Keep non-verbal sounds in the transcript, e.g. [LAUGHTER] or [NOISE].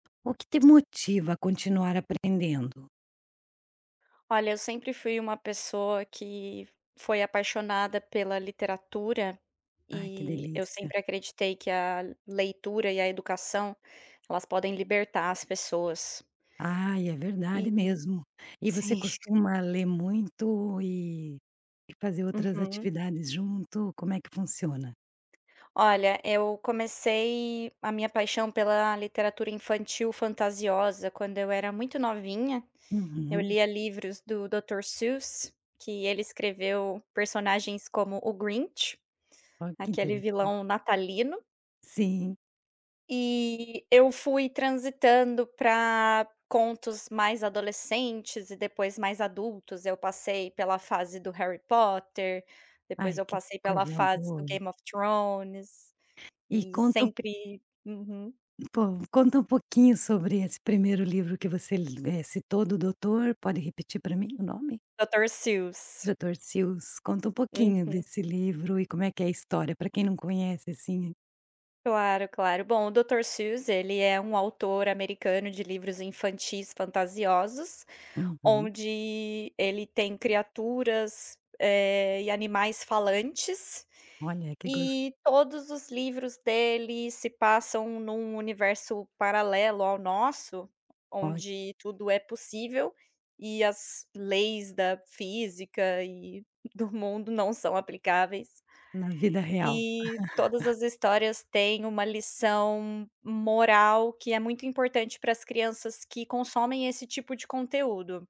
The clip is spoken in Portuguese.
O que te motiva a continuar aprendendo? Olha eu sempre fui uma pessoa que foi apaixonada pela literatura, Ai que e, eu delícia. sempre acreditei que a leitura e a educação, elas podem libertar as pessoas. Ai é E verdade mesmo. E você sim. costuma ler muito e, e fazer outras Uhum. atividades junto, como é que funciona? Olha, eu comecei a minha paixão pela literatura infantil fantasiosa quando eu era muito novinha. Eu Uhum. lia livros do Dr. Seuss, que ele escreveu personagens como o Grinch, Ó que aquele interessante. vilão natalino. Sim. E eu fui transitando pra contos mais adolescentes e depois mais adultos, eu passei pela fase do Harry Potter, Ai depois eu que passei pela coisa fase do boa. Game of Thrones, E e conta um po sempre uhum. po, conta um pouquinho sobre esse primeiro livro que você lê citou do doutor, pode repetir pra mim o nome? Dr. Seuss. Dr. Seuss, conta um pouquinho Uhum. desse livro e como é que é a história, pra quem não conhece assim. Claro, claro bom, o Dr. Seuss ele é um autor americano de livros infantis fantasiosos, Uhum. onde ele tem criaturas, eh, e animais falantes. Olha que gos E todos os livros dele se passam em um universo paralelo ao nosso, Oh i onde tudo é possível, e as leis da física e do mundo não são aplicáveis. Na vida real. E, todas [CHUCKLES] as histórias têm uma lição moral, que é muito importante pras crianças que consomem esse tipo de conteúdo.